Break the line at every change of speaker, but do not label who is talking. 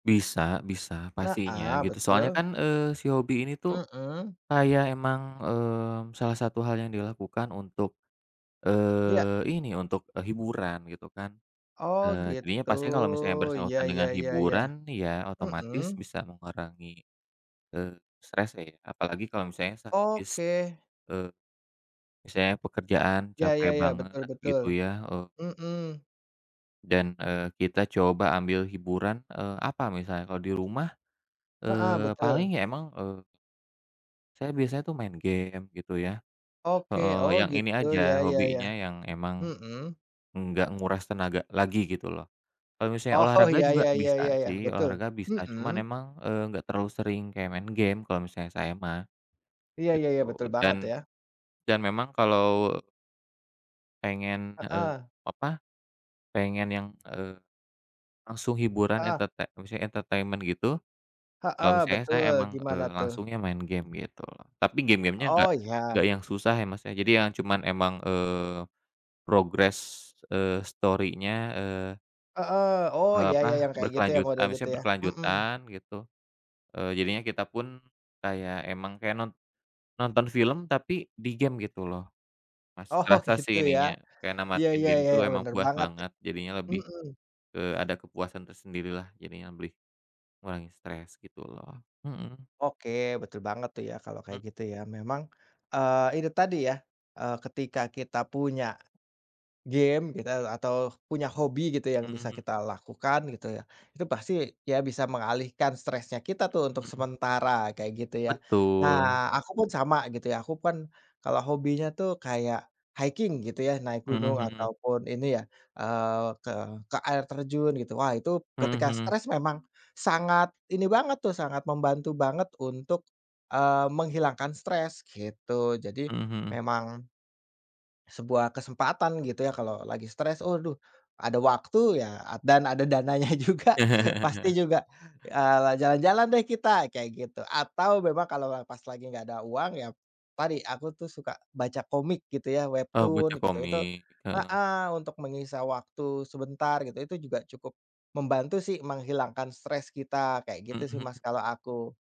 Bisa bisa
Wah a
pastinya
Iya
gitu soalnya
betul.
kan, eee, si hobi ini tuh,
Mhm.
kayak emang, eee, salah satu hal yang dilakukan untuk,
Iya.
eee, ini untuk hiburan gitu kan.
Oh
Eee, jadinya
gitu.
pastinya kalau misalnya
Iya
bersangkutan
iya
dengan
iya, ya.
hiburan, ya
Hmm.
otomatis bisa mengurangi, eee, stres ya. Apalagi kalau misalnya sak s
Oke.
e misalnya pekerjaan
Ya
capek
ya,-ya.
banget,
Betul betul.
gitu ya, eee
Mhm.
Dan, eee, kita coba ambil hiburan, eee, apa, misalnya kalau di rumah,
Heeh,
eee,
betul.
paling ya emang eee Saya biasanya tuh main game, gitu ya
Oke.
heeh,
Oh
yang ini
gitu
aja,
ya ya ya.
hobinya yang emang,
Hmm.
nggak menguras tenaga lagi gitu loh. Kalau misalnya
Oh,
olahraga
ya
juga
ya,-ya,
bisa
ya, ya,
sih,
betul.
olahraga bisa cuman
Hmm.
emang, eee, enggak terlalu sering kayak main game, kalau misalnya saya mah,
Iya,
gitu.
ya ya betul
Dan
banget ya.
dan memang kalau Pengen, eee,
Heeh.
apa, pengen yang, eee, langsung hiburan
Heeh.
enterte maksudnya entertaiment gitu. Kalau
Heeh,
misalnya
betul,
saya emang,
gimana
eee,
tuh?
langsungnya main game gitu tapi game game-nya
Oh
nggak nggak
iya.
yang susah ya maksudnya, jadi yang cuman emang, eee, progress, eee, story-nya, eee
Heeh. Oh
E
ya ya ya
apa,
yang kayak gitu ya,
berkelanjut
model gitu
misalnya
ya? Hmm.
berkelanjutan gitu. Eee, jadinya kita pun kayak emang kayak non nonton film, tapi di game gitu loh. Masih
Oh oh
kerasa
gitu
sih
ya.
ininya, kayak
Iya
namatin
iya
game
iya,
tuh emang
bener
puas
banget de
banget. Jadinya lebih
hmm.
ke ada kepuasan tersendiri lah, jadinya lebih mengurangi stres gitu loh. Hmm.
Oke, betul banget tuh ya, kalau kayak
Mmm.
gitu ya, memang, eee, itu tadi ya, eee, ketika kita punya game kita atau punya hobi gitu yang bisa
Mhm.
kita lakukan, gitu ya. Itu pasti, ya bisa mengalihkan stresnya kita tuh untuk
Hmm.
sementara kayak, gitu ya.
Betul.
Nah, aku pun sama gitu ya. Aku pun kalau hobinya tuh kayak, hiking gitu ya, naik
Hmm
gunung
hmm.
ataupun ini ya, eee, ke ke air terjun gitu, wah itu
Mhm
ketika
mhm.
stres memang sangat ini banget tuh, sangat membantu banget untuk, eee, menghilangkan stres gitu. Jadi
Hmm hmm.
memang sebuah kesempatan gitu ya kalau lagi stres. Aduh ada waktu ya dan ada dananya juga pasti juga, eee, jalan-jalan deh kita, kayak gitu. Atau memang kalau pas lagi nggak ada uang, ya tadi aku tuh suka baca komik gitu ya,
Oh baca
Webtoon gitu itu.
komik. Heeh.
Heeh, untuk menyisa waktu sebentar gitu, itu juga cukup membantu sih menghilangkan stres kita kayak gitu
Mhm
sih
mhm.
Mas, kalau aku.